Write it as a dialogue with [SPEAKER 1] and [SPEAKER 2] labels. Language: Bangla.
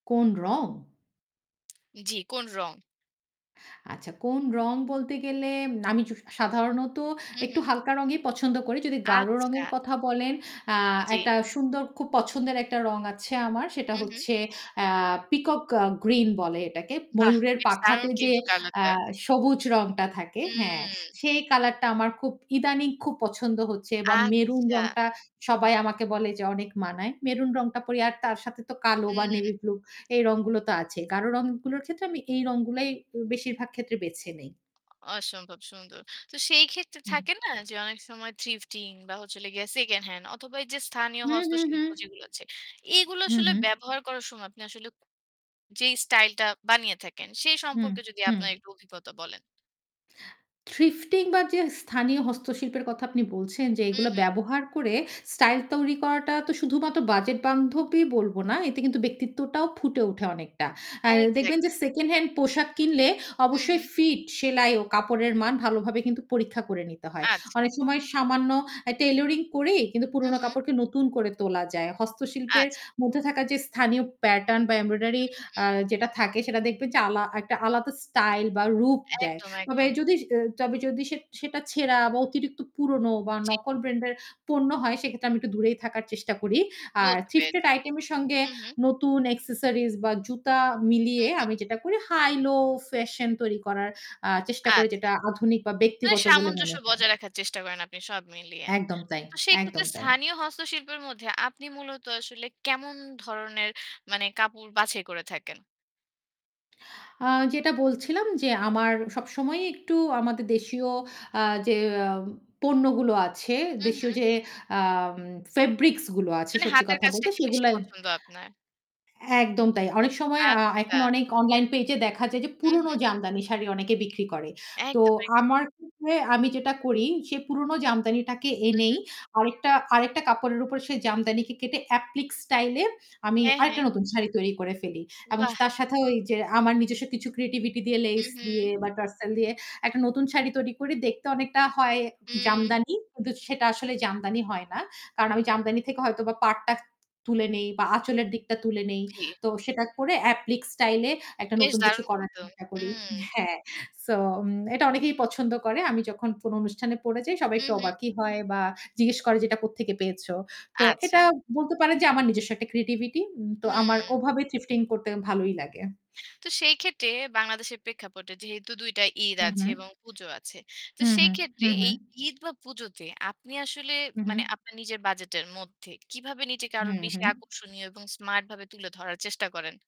[SPEAKER 1] কোন রং?
[SPEAKER 2] জি, কোন রং?
[SPEAKER 1] আচ্ছা কোন রং বলতে গেলে আমি সা সাধারণত
[SPEAKER 2] হু,
[SPEAKER 1] একটু
[SPEAKER 2] হু।
[SPEAKER 1] হালকা রঙই পছন্দ করি। যদি গাঢ়
[SPEAKER 2] আচ্ছা।
[SPEAKER 1] রঙের কথা বলেন আ একটা
[SPEAKER 2] জি।
[SPEAKER 1] সুন্দর খুব পছন্দের একটা রং আছে আমার। সেটা
[SPEAKER 2] হু, হু।
[SPEAKER 1] হচ্ছে আ পিকক আ গ্রিন বলে এটাকে।
[SPEAKER 2] বাহ!
[SPEAKER 1] ময়ূরের
[SPEAKER 2] বেশ দারুণ
[SPEAKER 1] পাখাতে যে
[SPEAKER 2] কিন্তু
[SPEAKER 1] আ
[SPEAKER 2] কালারটা।
[SPEAKER 1] সবুজ রংটা থাকে। হ্যাঁ।
[SPEAKER 2] হুম।
[SPEAKER 1] সেই কালারটা আমার খুব ইদানিং খুব পছন্দ হচ্ছে বা মেরুন
[SPEAKER 2] আচ্ছা।
[SPEAKER 1] রংটা সবাই আমাকে বলে যে অনেক মানায়। মেরুন রংটা পড়ি আর তার সাথে তো কালো বা
[SPEAKER 2] হুম।
[SPEAKER 1] নেভি ব্লু এই রঙগুলো তো আছে। গাঢ় রঙগুলোর ক্ষেত্রে আমি এই রঙগুলাই অ বেশিরভাগ ক্ষেত্রে বেছে নেই।
[SPEAKER 2] অসম্ভব সুন্দর। তো সেইক্ষেত্রে
[SPEAKER 1] হুম।
[SPEAKER 2] থাকে না যে অনেক সময় থ্রিফটিং বা হচ্ছে হলো গিয়ে সেকেন্ড হ্যান্ড অথবা যে স্থানীয়
[SPEAKER 1] হু, হু, হু,
[SPEAKER 2] হস্তশিল্প যেগুলো আছে। এগুলো
[SPEAKER 1] হু,
[SPEAKER 2] আসলে
[SPEAKER 1] হু।
[SPEAKER 2] ব্যবহার করার সময় আপনি আসলে যেই স্টাইলটা বানিয়ে থাকেন সেই
[SPEAKER 1] হু,
[SPEAKER 2] সম্পর্কে যদি
[SPEAKER 1] হু।
[SPEAKER 2] আপনার একটু অভিজ্ঞতা বলেন।
[SPEAKER 1] থ্রিফটিং বা যে স্থানীয় হস্তশিল্পের কথা আপনি বলছেন যে
[SPEAKER 2] হু,
[SPEAKER 1] এগুলো
[SPEAKER 2] হু।
[SPEAKER 1] ব্যবহার করে স্টাইল তৈরি করাটা তো শুধুমাত্র বাজেট বান্ধবই বলব না। এতে কিন্তু ব্যক্তিত্বটাও ফুটে উঠে অনেকটা। আ দেখবেন যে
[SPEAKER 2] এক্সাক্টলি।
[SPEAKER 1] সেকেন্ড হ্যান্ড পোশাক কিনলে
[SPEAKER 2] হু,
[SPEAKER 1] অবশ্যই
[SPEAKER 2] হু।
[SPEAKER 1] ফিট সেলাই ও কাপড়ের মান ভালোভাবে কিন্তু পরীক্ষা করে নিতে হয়।
[SPEAKER 2] আচ্ছা।
[SPEAKER 1] অনেক সময় সামান্য আ টেইলারিং করেই কিন্তু
[SPEAKER 2] হু,
[SPEAKER 1] পুরনো
[SPEAKER 2] হু।
[SPEAKER 1] কাপড়কে নতুন করে তোলা যায়। হস্তশিল্পের
[SPEAKER 2] আচ্ছা।
[SPEAKER 1] মধ্যে থাকা যে স্থানীয় প্যাটার্ন বা
[SPEAKER 2] হু,
[SPEAKER 1] এমব্রয়ডারি আ
[SPEAKER 2] হু।
[SPEAKER 1] যেটা থাকে সেটা দেখবেন যে আলা একটা আলাদা স্টাইল বা রূপ দেয়।
[SPEAKER 2] একদম,
[SPEAKER 1] তবে
[SPEAKER 2] একদম।
[SPEAKER 1] যদি তবে যদি সে সেটা ছেঁড়া বা অতিরিক্ত পুরনো বা
[SPEAKER 2] জি।
[SPEAKER 1] নকল ব্র্যান্ডের পণ্য হয় সেক্ষেত্রে আমি একটু দূরেই থাকার চেষ্টা করি। আর
[SPEAKER 2] বুঝতে
[SPEAKER 1] থ্রীফটেড
[SPEAKER 2] পেরেছি,
[SPEAKER 1] আইটেম এর সঙ্গে
[SPEAKER 2] হু, হু।
[SPEAKER 1] নতুন অ্যাক্সেসরিজ বা জুতা
[SPEAKER 2] হু,
[SPEAKER 1] মিলিয়ে
[SPEAKER 2] হু।
[SPEAKER 1] আমি যেটা করি হাই লো ফ্যাশন তৈরি করার আ চেষ্টা করি
[SPEAKER 2] আচ্ছা।
[SPEAKER 1] যেটা আধুনিক বা
[SPEAKER 2] মানে
[SPEAKER 1] ব্যক্তিগত বলে
[SPEAKER 2] সামঞ্জস্য
[SPEAKER 1] মনে হয়।
[SPEAKER 2] বজায় রাখার চেষ্টা করেন আপনি সব মিলিয়ে।
[SPEAKER 1] একদম তাই,
[SPEAKER 2] তো সেক্ষেত্রে
[SPEAKER 1] একদম তাই।
[SPEAKER 2] স্থানীয় হস্তশিল্পের মধ্যে আপনি মূলত আসলে কেমন ধরনের মানে কাপড় বাছাই করে থাকেন?
[SPEAKER 1] আ-যেটা বলছিলাম যে আমার সবসময়ই একটু আমাদের দেশীয় আ যে পণ্যগুলো আছে,
[SPEAKER 2] হুম,
[SPEAKER 1] দেশীয়
[SPEAKER 2] হুম।
[SPEAKER 1] যে আ ফেব্রিক্স গুলো আছে
[SPEAKER 2] মানে
[SPEAKER 1] সত্যি
[SPEAKER 2] হাতের
[SPEAKER 1] কথা
[SPEAKER 2] কাজটা
[SPEAKER 1] বলতে
[SPEAKER 2] কি বেশি
[SPEAKER 1] সেগুলো
[SPEAKER 2] পছন্দ আপনার?
[SPEAKER 1] একদম তাই। অনেক সময় আ এখন
[SPEAKER 2] আচ্ছা।
[SPEAKER 1] অনেক অনলাইন পেজ এ দেখা যায় যে
[SPEAKER 2] হু
[SPEAKER 1] পুরনো
[SPEAKER 2] হু।
[SPEAKER 1] জামদানি শাড়ি অনেকে বিক্রি করে। তো
[SPEAKER 2] একদম, একদম।
[SPEAKER 1] আমার ক্ষেত্রে আমি যেটা করি সে পুরনো জামদানিটাকে
[SPEAKER 2] হু, হু।
[SPEAKER 1] এনেই আরেকটা, আরেকটা কাপড়ের উপর সেই জামদানি কে কেটে এপ্লিক স্টাইল এ আমি
[SPEAKER 2] হ্যাঁ, হ্যাঁ।
[SPEAKER 1] আরেকটা নতুন শাড়ি তৈরি করে ফেলি। এবং
[SPEAKER 2] বাহ।
[SPEAKER 1] তার সাথেও ওই যে আমার নিজস্ব কিছু ক্রিয়েটিভিটি দিয়ে
[SPEAKER 2] হু,
[SPEAKER 1] লেস দিয়ে
[SPEAKER 2] হু।
[SPEAKER 1] বা টার্সাল দিয়ে একটা নতুন শাড়ি তৈরি করি দেখতে অনেকটা হয়
[SPEAKER 2] হুম।
[SPEAKER 1] জামদানি কিন্তু সেটা আসলে জামদানি হয় না। কারণ আমি জামদানি থেকে হয়তো বা পাড়টা তুলে নেই বা আঁচলের দিকটা তুলে নেই।
[SPEAKER 2] জি।
[SPEAKER 1] তো সেটা করে অ্যাপ্লিক স্টাইল এ একটা
[SPEAKER 2] বেশ
[SPEAKER 1] নতুন কিছু
[SPEAKER 2] দারুণ
[SPEAKER 1] করার
[SPEAKER 2] কিন্তু,
[SPEAKER 1] চেষ্টা করি।
[SPEAKER 2] হুম।
[SPEAKER 1] হ্যাঁ। সো এটা অনেকেই পছন্দ করে। আমি যখন কোনো অনুষ্ঠানে পড়ে যাই সবাই
[SPEAKER 2] হু,
[SPEAKER 1] একটু
[SPEAKER 2] হু।
[SPEAKER 1] অবাকই হয় বা জিজ্ঞেস করে যে এটা কোত্থেকে পেয়েছ। তো এটা
[SPEAKER 2] আচ্ছা।
[SPEAKER 1] বলতে পারেন যে আমার নিজস্ব একটা ক্রিয়েটিভিটি। হুম, তো আমার
[SPEAKER 2] হু।
[SPEAKER 1] ওভাবে থ্রিফটিং করতে ভালোই লাগে।
[SPEAKER 2] তো সেই ক্ষেত্রে বাংলাদেশের প্রেক্ষাপটে যেহেতু ২ টা ঈদ
[SPEAKER 1] হু,
[SPEAKER 2] আছে
[SPEAKER 1] হু।
[SPEAKER 2] এবং পুজো আছে। তো
[SPEAKER 1] হু,
[SPEAKER 2] সেই
[SPEAKER 1] হু,
[SPEAKER 2] ক্ষেত্রে
[SPEAKER 1] হু, হু।
[SPEAKER 2] এই ঈদ বা পুজোতে আপনি আসলে
[SPEAKER 1] হু,
[SPEAKER 2] মানে
[SPEAKER 1] হু।
[SPEAKER 2] আপনার নিজের বাজেটের মধ্যে কিভাবে নিজেকে আরো
[SPEAKER 1] হুম, হু।
[SPEAKER 2] বেশি আকর্ষণীয় এবং স্মার্ট ভাবে তুলে ধরার চেষ্টা করেন।